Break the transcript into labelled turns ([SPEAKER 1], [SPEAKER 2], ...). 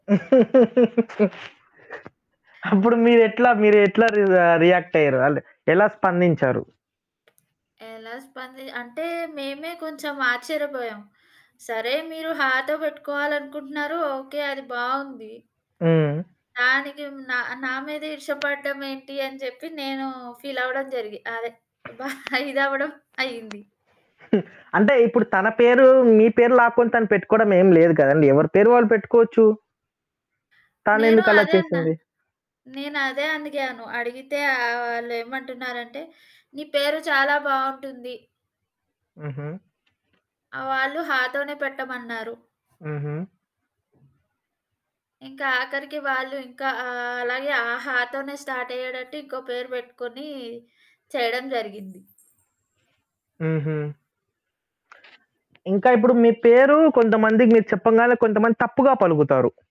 [SPEAKER 1] అప్పుడు మీరెట్లా, మీరెట్లా రిజా రియాక్టయ్యారు? ఆళ్ళు ఎలా స్పందించారు?
[SPEAKER 2] ఎలా స్పంది అంటే, మేమే కొంచెం ఆచ్చర్యపోయాం. సరే మీరు హాతో బెట్టుకోవాలనుకుంటున్నారు, ఓకే అది బావుంది.
[SPEAKER 1] హ్మ్.
[SPEAKER 2] దానికి మ్ నా, నా మీద ఈర్ష్య పడడమేంటి అని జెప్పి, నేనూ ఫీలవ్వడం జరిగి అదే, బా ఇదవ్వడం అయ్యింది.
[SPEAKER 1] అంటే, ఇప్పుడు తన పేరూ, మీ పేరు లాక్కొని తను పెట్టుకోడమేమి లేదు కదండి. ఎవరి పేరు వాళ్ళు పెట్టుకోవచ్చు.
[SPEAKER 2] నేను
[SPEAKER 1] తానెందుకలా
[SPEAKER 2] అదే అన్నా.
[SPEAKER 1] చేసింది?
[SPEAKER 2] నేనదే అడిగాను. అడిగితే, ఆహ్, వాళ్ళేమంటున్నారంటే, నీ పేరు చాలా బావుంటుంది.
[SPEAKER 1] హుహు.
[SPEAKER 2] ఆ! వాళ్ళు హాతోనే పెట్టమన్నారు.
[SPEAKER 1] హుహు.
[SPEAKER 2] ఇంకా ఆఖరికి వాళ్ళు ఇంకా ఆహ్, అలాగే ఆ హాతోనే స్టార్టయ్యేటట్టు ఇంకో పేరు బెట్టుకొనీ చెయడం జరిగింది.
[SPEAKER 1] హుహు. ఇంకా ఇప్పుడు మీ పేరూ కొంతమందికి మీరు చెప్పంగాలనే, కొంతమంది తప్పుగా పలుకుతారు.